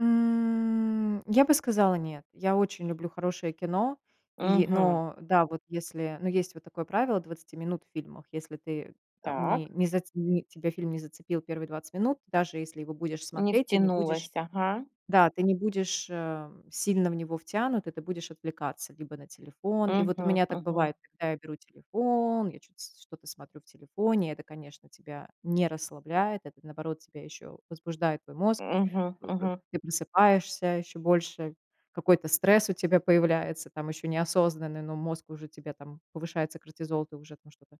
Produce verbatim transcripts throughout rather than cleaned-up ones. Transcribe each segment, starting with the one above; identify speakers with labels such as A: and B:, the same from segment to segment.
A: М. Я бы сказала: "Нет". Я очень люблю хорошее кино, и
B: Мгм.
A: но да, вот если, ну, есть вот такое правило двадцати минут в фильмах. Если ты там
B: Так.
A: не не зац не тебя фильм не зацепил первые двадцать минут, даже если его будешь
B: Не
A: смотреть, ты не будешь
B: втянулась. Ага.
A: да, ты не будешь, а, сильно в него втянут, и ты будешь отвлекаться либо на телефон И вот у
B: Мгм
A: меня так
B: мгм.
A: бывает, когда я беру телефон, я чё-то с что-то смотрю в телефоне. Это, конечно, тебя не расслабляет, это, наоборот, тебя ещё возбуждает, твой мозг.
B: Мгм
A: П п
B: мгм.
A: ты просыпаешься ещё больше, какой-то стресс у тебя появляется, там ещё неосознанный, но мозг уже тебе там повышается кортизол, ты уже там что-то,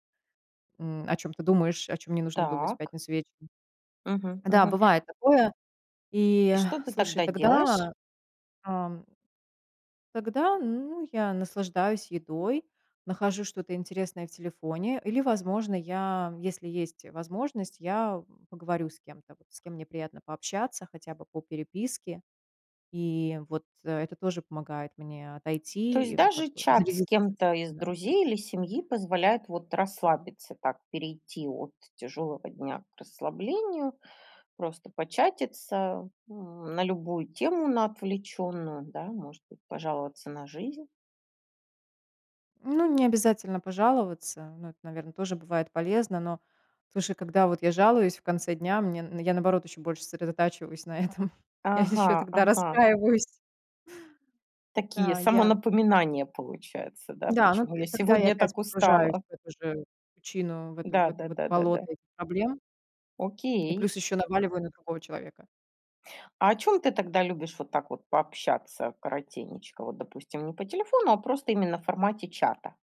A: м, о чём ты думаешь, о чём не нужно думать в
B: Так.
A: пятницу вечером.
B: Мгм
A: Да,
B: мгм.
A: бывает такое, и,
B: И что ты
A: слушай,
B: тогда делаешь?
A: тогда, ам, тогда, ну, я наслаждаюсь едой, нахожу что-то интересное в телефоне или, возможно, я, если есть возможность, я поговорю с кем-то, вот с кем мне приятно пообщаться хотя бы по переписке. И вот это тоже помогает мне
B: То
A: отойти и,
B: есть
A: м, как
B: даже
A: бы
B: чат с
A: зарядиться,
B: кем-то
A: [unintelligible]
B: из
A: да.
B: друзей или семьи позволяет вот расслабиться, так перейти от тяжелого дня к расслаблению. Просто початиться, м, на любую тему, на отвлечённую, да. Может быть, пожаловаться на жизнь.
A: Ну, не обязательно пожаловаться, но это, наверно, тоже бывает полезно, но слушай, когда вот я жалуюсь в конце дня, мне н я, наоборот, ещё больше сосредотачиваюсь на этом, я ещё
B: Ага
A: тогда
B: ага.
A: расстраиваюсь.
B: Такие
A: Да, я
B: самонапоминания получаются, да?
A: Да, ну,
B: Почему я
A: т тогда я
B: сегодня
A: опять
B: так
A: погружаюсь
B: устала?
A: в эту же причину, в это в
B: Да
A: это,
B: да
A: в это
B: да да да.
A: болото этих проблем. И
B: Окей.
A: плюс ещё наваливаю на другого человека.
B: А о чём ты тогда любишь вот так вот пообщаться коротенечко? Вот, допустим, не по телефону, а просто именно в формате чата?